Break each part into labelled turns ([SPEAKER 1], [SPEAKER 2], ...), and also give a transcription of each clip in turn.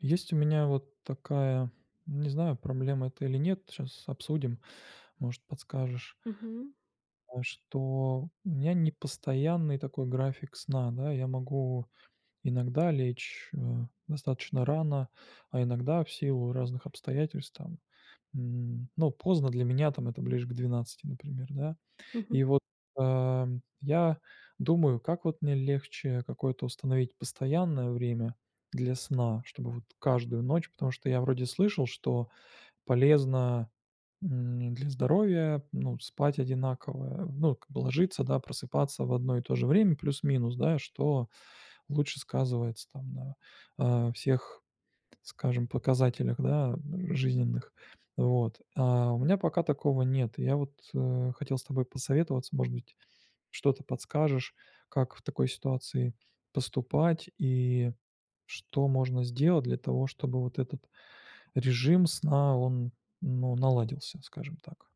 [SPEAKER 1] Есть у меня вот такая, не знаю, проблема это или нет, щас обсудим, может подскажешь.
[SPEAKER 2] Мгм.
[SPEAKER 1] А что, м, у меня непостоянный такой график сна, да, я могу иногда лечь, э, достаточно рано, а иногда в силу разных обстоятельств там, м, ну поздно для меня там это ближе к 12, например, да.
[SPEAKER 2] Мгм.
[SPEAKER 1] И вот, ам, я думаю: как вот мне легче какое-то установить постоянное время для сна, чтобы вот каждую ночь потому что я вроде слышал, что полезно, м, для здоровья, ну, спать одинаково. Ну, как бы ложиться, да, просыпаться в одно и то же время плюс-минус, да, что лучше сказывается там на, а, всех, п скажем, показателях, да, жизненных, вот. А у меня пока такого нет, и я вот, э, хотел с тобой посоветоваться, может быть, что-то подскажешь, как в такой ситуации поступать и что можно сделать для того, чтобы вот этот режим сна, он, ну наладился, скажем так.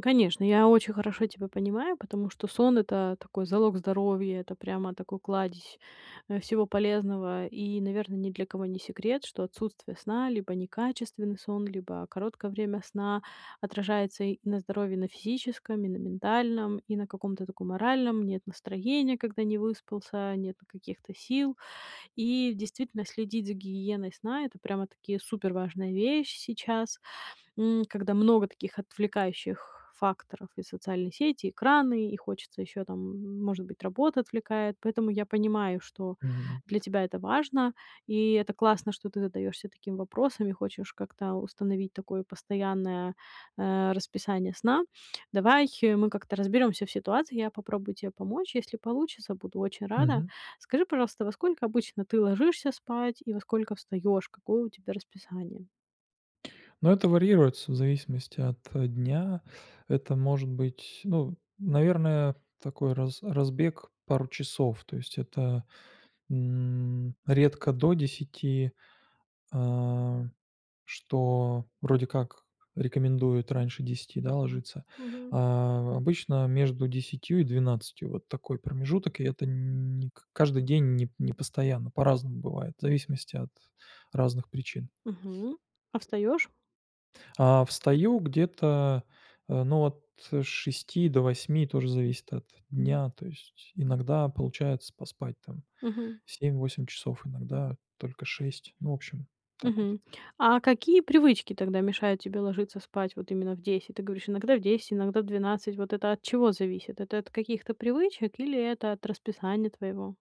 [SPEAKER 2] Конечно, я очень хорошо тебя понимаю, потому что сон это такой залог здоровья, это прямо такой кладезь, э, всего полезного. И, наверно, ни для кого не секрет, что отсутствие сна либо некачественный сон, либо короткое время сна отражается и на здоровье, и на физическом, и на ментальном, и на каком-то таком моральном нет настроения, когда не выспался, нету каких-то сил. И действительно, следить за гигиеной сна это прямо-таки суперважная вещь сейчас, м, когда много таких отвлекающих факторов: и социальные сети, и экраны. И хочется ещё там, м, может быть, работа отвлекает. Поэтому я понимаю, что
[SPEAKER 1] Мгм.
[SPEAKER 2] для тебя это важно. И это классно, что ты задаёшься таким вопросом и хочешь как-то установить такое постоянное, э, расписание сна. Давай мы как-то разберёмся в ситуации. Я попробую тебе помочь. Если получится, буду очень рада.
[SPEAKER 1] Мгм.
[SPEAKER 2] Скажи, пожалуйста, во сколько обычно ты ложишься спать и во сколько встаёшь? Какое у тебя расписание?
[SPEAKER 1] Ну, это варьируется в зависимости от дня. Это может быть, ну, наверное, такой раз разбег пару часов. То есть это, м, редко до 10, э, что вроде как рекомендуют раньше 10, да, ложиться.
[SPEAKER 2] Мгм.
[SPEAKER 1] А, обычно между 10 и 12, вот такой промежуток, и это нь не к каждый день, не постоянно, по-разному бывает, в зависимости от разных причин.
[SPEAKER 2] Мгм, а встаёшь?
[SPEAKER 1] А встаю где-то, э, ну, от 6 до 8, тоже. Зависит от дня, то есть иногда получается поспать там
[SPEAKER 2] Мгм.
[SPEAKER 1] 7-8 часов, иногда только 6. Ну, в общем, так вот.
[SPEAKER 2] Мгм. А какие привычки тогда мешают тебе ложиться спать вот именно в 10? Ты говоришь, иногда в 10, иногда в 12. Вот это от чего зависит? Это от каких-то привычек или это от расписания твоего?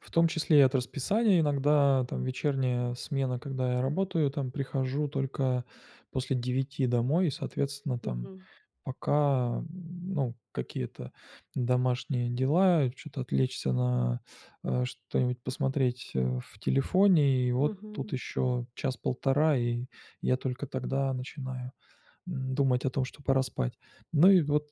[SPEAKER 1] В том числе и от расписания: иногда там вечерняя смена, когда я работаю, там прихожу только после 9 домой и, соответственно, там
[SPEAKER 2] Мгм.
[SPEAKER 1] пока, м, ну, какие-то домашние дела, и чё-то отвлечься на, э, что-нибудь посмотреть, э, в телефоне, и вот тут
[SPEAKER 2] Мгм.
[SPEAKER 1] еще час-1.5, и я только тогда начинаю, н думать о том, что пора спать. Ну и вот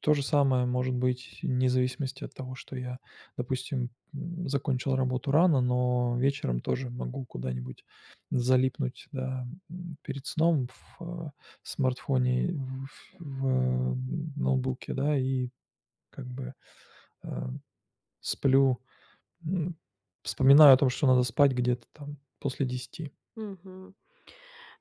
[SPEAKER 1] то же самое может быть вне зависимости от того, что я, допустим, м, закончил работу рано, но вечером тоже могу куда-нибудь залипнуть, да, м, перед сном в, э, смартфоне, ф в ноутбуке, да, и как бы, э, сплю, м, вспоминаю о том, что надо спать где-то там после 10.
[SPEAKER 2] Мгм.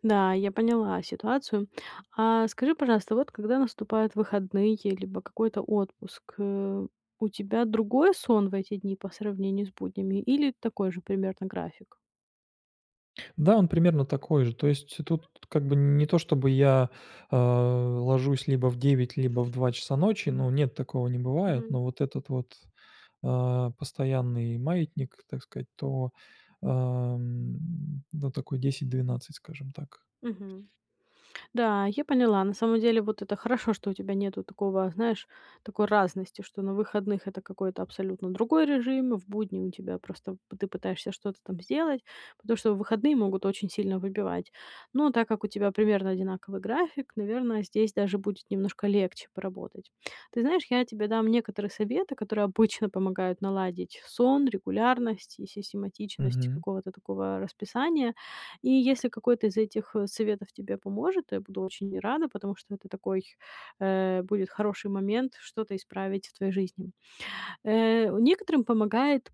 [SPEAKER 2] Да, я поняла ситуацию. А скажи, пожалуйста, вот когда наступают выходные либо какой-то отпуск, э, у тебя другой сон в эти дни по сравнению с буднями или такой же примерно график?
[SPEAKER 1] Да, он примерно такой же. То есть тут, как бы, не то чтобы я, э, ложусь либо в 9, либо в 2 часа ночи, но нет, такого не бывает,
[SPEAKER 2] Мгм.
[SPEAKER 1] но вот этот вот, а, постоянный маятник, так сказать, то, ам, ну, такой 10-12, скажем так.
[SPEAKER 2] Мгм. Да, я поняла. На самом деле вот это хорошо, что у тебя нету такого, знаешь, такой разности, что на выходных это какой-то абсолютно другой режим, в будни у тебя просто пы ты пытаешься что-то там сделать, потому что выходные могут очень сильно выбивать. Но так как у тебя примерно одинаковый график, наверное, здесь даже будет немножко легче поработать. Ты знаешь, я тебе дам некоторые советы, которые обычно помогают наладить сон, регулярность и систематичность
[SPEAKER 1] Мгм.
[SPEAKER 2] какого-то такого расписания. И если какой-то из этих, э, советов тебе поможет, я буду очень рада, потому что это такой, э, будет хороший момент что-то исправить в твоей жизни. Э, некоторым помогает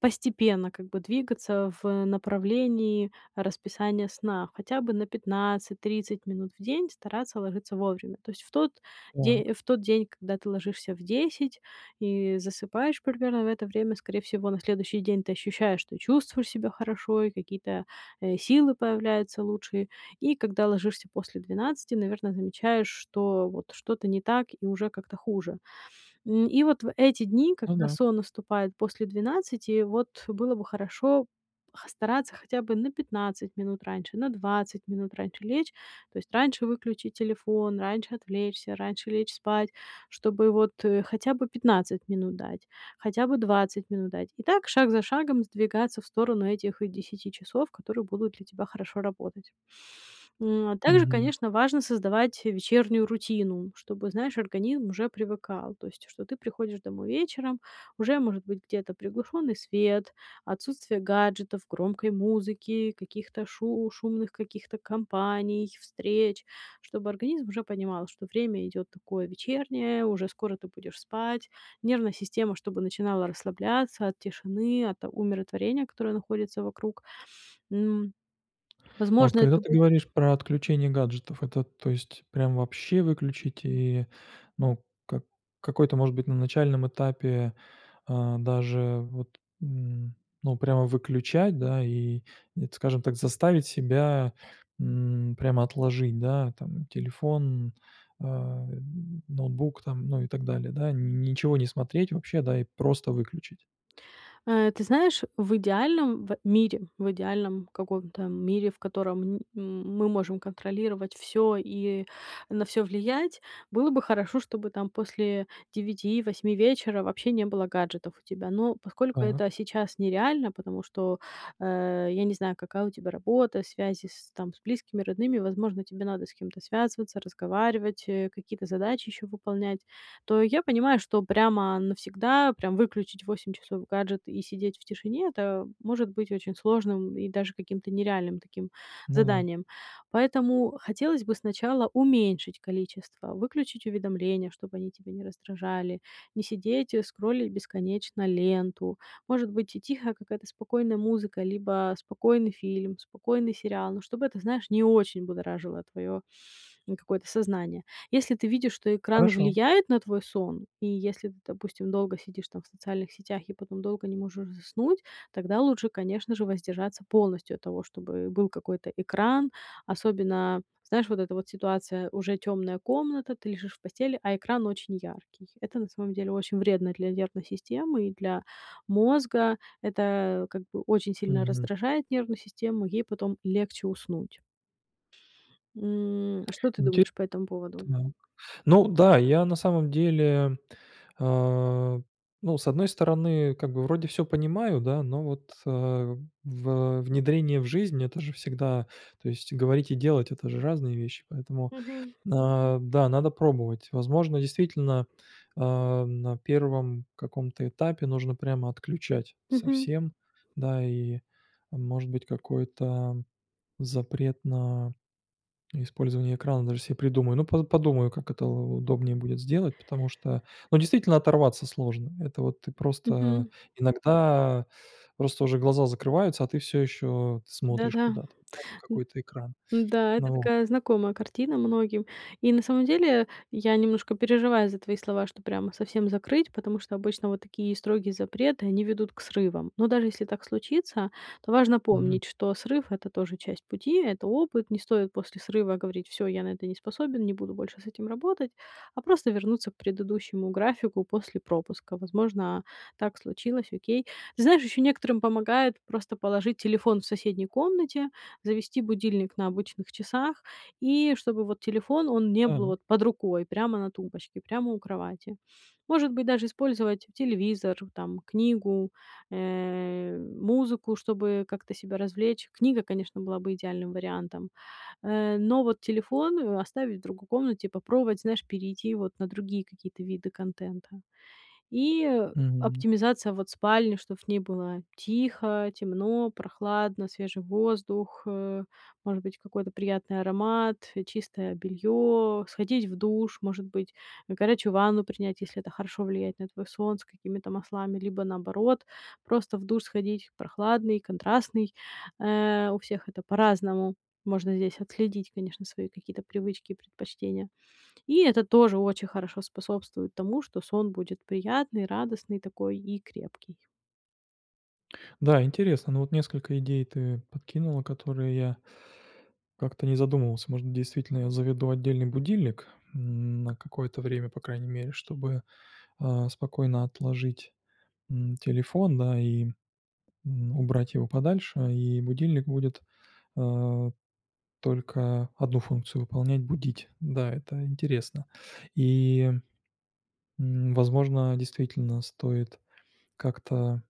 [SPEAKER 2] постепенно, как бы, двигаться в направлении расписания сна, хотя бы на 15-30 минут в день стараться ложиться вовремя. То есть в тот
[SPEAKER 1] Так.
[SPEAKER 2] де в тот день, когда ты ложишься в 10 и засыпаешь примерно в это время, скорее всего, на следующий день ты ощущаешь, что чувствуешь себя хорошо и какие-то, э, силы появляются лучшие. И когда ложишься после 12, наверное, замечаешь, что вот что-то не так и уже как-то хуже. М, и вот в эти дни,
[SPEAKER 1] Ну
[SPEAKER 2] когда
[SPEAKER 1] да.
[SPEAKER 2] сон наступает после 12, вот было бы хорошо, х стараться хотя бы на 15 минут раньше, на 20 минут раньше лечь. То есть раньше выключить телефон, раньше отвлечься, раньше лечь спать, чтобы вот, э, хотя бы 15 минут дать, хотя бы 20 минут дать. И так шаг за шагом сдвигаться в сторону этих 10 часов, которые будут для тебя хорошо работать. М, а также,
[SPEAKER 1] Мгм.
[SPEAKER 2] конечно, важно создавать вечернюю рутину, чтобы, знаешь, организм уже привыкал. То есть, что ты приходишь домой вечером, уже может быть где-то приглушённый свет, отсутствие гаджетов, громкой музыки, каких-то шу шумных каких-то компаний, встреч. Чтобы организм уже понимал, что время идёт такое вечернее, уже скоро ты будешь спать, нервная система чтобы начинала расслабляться от тишины, от умиротворения, которое находится вокруг. М,
[SPEAKER 1] А вот,
[SPEAKER 2] возможно,
[SPEAKER 1] когда
[SPEAKER 2] это
[SPEAKER 1] ты
[SPEAKER 2] будет
[SPEAKER 1] говоришь про отключение гаджетов, это, то есть, прям вообще выключить и, ну, как какой-то, может быть, на начальном этапе, а даже вот н ну, прямо выключать, да, и т скажем так, заставить себя, м, прямо отложить, да, там, телефон, а, ноутбук, там, ну, и так далее, да, нь ничего не смотреть вообще, да, и просто выключить?
[SPEAKER 2] Э, ты знаешь, в идеальном в мире в идеальном каком-то мире, в котором, н м мы можем контролировать всё и на всё влиять, было бы хорошо, чтобы там после 9-8 вечера вообще не было гаджетов у тебя. Но поскольку это
[SPEAKER 1] Так.
[SPEAKER 2] сейчас нереально, потому что, э, я не знаю, какая у тебя работа, связи с, там, с близкими, родными, возможно, тебе надо с кем-то связываться, разговаривать, э, какие-то задачи ещё выполнять. То я понимаю, что прямо навсегда, прям выключить в 8 часов гаджет и сидеть в тишине- это может быть очень сложным и даже каким-то нереальным таким
[SPEAKER 1] Ну да.
[SPEAKER 2] заданием. Поэтому хотелось бы сначала уменьшить количество, выключить уведомления, чтобы они тебя не раздражали, не сидеть, э, скроллить бесконечно ленту. Может быть, ти тихая какая-то спокойная музыка либо спокойный фильм, спокойный сериал, но чтобы это, знаешь, не очень будоражило твоё какое-то сознание. Если ты видишь, что экран
[SPEAKER 1] Хорошо.
[SPEAKER 2] влияет на твой сон, и если ты, допустим, долго сидишь там в социальных сетях и потом долго не можешь заснуть, тогда лучше, конечно же, воздержаться полностью от того, чтобы был какой-то экран. Особенно, знаешь, вот эта вот ситуация: уже тёмная комната, ты лежишь в постели, а экран очень яркий. Это на самом деле очень вредно для нервной системы и для мозга. Это, как бы, очень сильно
[SPEAKER 1] Мгм.
[SPEAKER 2] раздражает нервную систему, ей потом легче уснуть. М, а что ты
[SPEAKER 1] Инти
[SPEAKER 2] думаешь по этому
[SPEAKER 1] так,
[SPEAKER 2] поводу?
[SPEAKER 1] ну да, я на самом деле, а, ну, с одной стороны, как бы вроде всё понимаю, да, но вот, э, в внедрение в жизнь- это же всегда то есть говорить и делать- это же разные вещи, поэтому,
[SPEAKER 2] Мгм.
[SPEAKER 1] э, да, надо пробовать. Возможно, действительно, а, на 1 каком-то этапе нужно прямо отключать
[SPEAKER 2] Мгм.
[SPEAKER 1] совсем, да, и, может быть, какой-то запрет на использование экрана даже себе придумаю. Ну, по подумаю, как это у удобнее будет сделать, потому что, ну, действительно оторваться сложно. Это вот ты просто
[SPEAKER 2] Мгм.
[SPEAKER 1] Иногда просто уже глаза закрываются, а ты всё ещё т смотришь
[SPEAKER 2] Да-да,
[SPEAKER 1] куда-то, да, в
[SPEAKER 2] м,
[SPEAKER 1] какой-то экран,
[SPEAKER 2] м-да, это
[SPEAKER 1] но во
[SPEAKER 2] такая знакомая картина многим. И на самом деле я немножко переживаю за твои слова, что прямо совсем закрыть, потому что обычно вот такие строгие запреты, они ведут к срывам. Но даже если так случится, то важно
[SPEAKER 1] Мгм.
[SPEAKER 2] помнить, что срыв- это тоже часть пути, это опыт. Не стоит после срыва говорить: "Всё, я на это не способен, не буду больше с этим работать", а просто вернуться к предыдущему графику после пропуска. Возможно, так случилось, окей. Знаешь, ещё некоторым помогает просто положить телефон в соседней комнате, завести будильник на обычных часах, и чтобы, вот, телефон, он не был,
[SPEAKER 1] Та
[SPEAKER 2] вот, под рукой прямо на тумбочке, прямо у кровати. Может быть, даже использовать телевизор, там, книгу, э, музыку, чтобы как-то себя развлечь. Книга, конечно, была бы идеальным вариантом. Э, но вот телефон, э, оставить в другой комнате, попробовать, знаешь, перейти, вот, на другие какие-то виды контента. И, э,
[SPEAKER 1] Мгм.
[SPEAKER 2] оптимизация, вот, спальни, чтоб в ней было тихо, темно, прохладно, свежий воздух, э, может быть, какой-то приятный аромат, чистое бельё, сходить в душ, может быть, горячую ванну принять, если это хорошо влияет на твой сон, с какими-то маслами, либо наоборот просто в душ сходить, прохладный, контрастный. Э, у всех это по-разному. Можно здесь отследить, конечно, свои какие-то привычки и предпочтения. И это тоже очень хорошо способствует тому, что сон будет приятный, радостный такой и крепкий.
[SPEAKER 1] Да, интересно, но вот несколько идей ты подкинула, которые я Как-то не задумывался. Может, действительно, я заведу отдельный будильник, м, на какое-то время, по крайней мере, чтобы, а, спокойно отложить, м, телефон, да, и, м, убрать его подальше, и будильник будет, а, только 1 функцию выполнять- будить. Да, это интересно. И, м, возможно, действительно стоит, как-то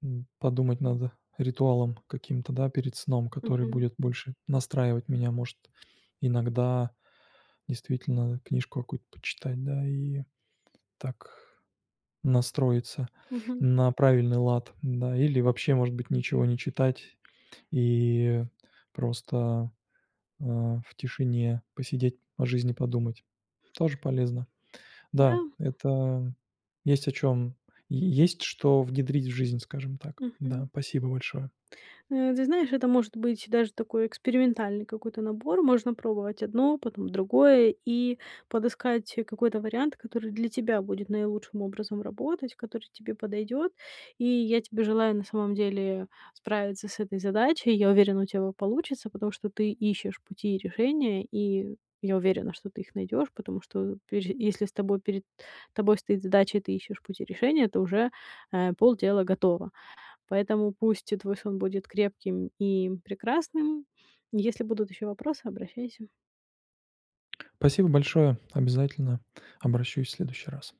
[SPEAKER 1] М, подумать надо. Ритуалом каким-то, да, перед сном, который
[SPEAKER 2] Мгм.
[SPEAKER 1] будет больше настраивать меня, может. Иногда действительно книжку какую-нибудь почитать, да и так настроиться
[SPEAKER 2] Мгм.
[SPEAKER 1] на правильный лад, да. Или вообще, может быть, ничего не читать и просто, э, в тишине посидеть, о жизни подумать. Тоже полезно. Да,
[SPEAKER 2] Да.
[SPEAKER 1] это есть о чем Е есть что внедрить в жизнь, скажем так, да.
[SPEAKER 2] Мгм.
[SPEAKER 1] Спасибо большое.
[SPEAKER 2] Э, ты знаешь, это может быть даже такой экспериментальный какой-то набор. Можно пробовать одно, потом другое. И подыскать какой-то вариант, который для тебя будет наилучшим образом работать, который тебе подойдет. И я тебе желаю, на самом деле, справиться с этой задачей. Я уверена, у тебя о получится, потому что ты ищешь пути и решения, и я уверена, что ты их найдешь, потому что, пепе если с тобой перед тобой стоит задача и ты ищешь пути решения, то уже, а, полдела готово. Поэтому пусть и твой сон будет крепким и прекрасным. Если будут ещё вопросы, обращайся.
[SPEAKER 1] Спасибо большое. Обязательно обращусь в следующий раз.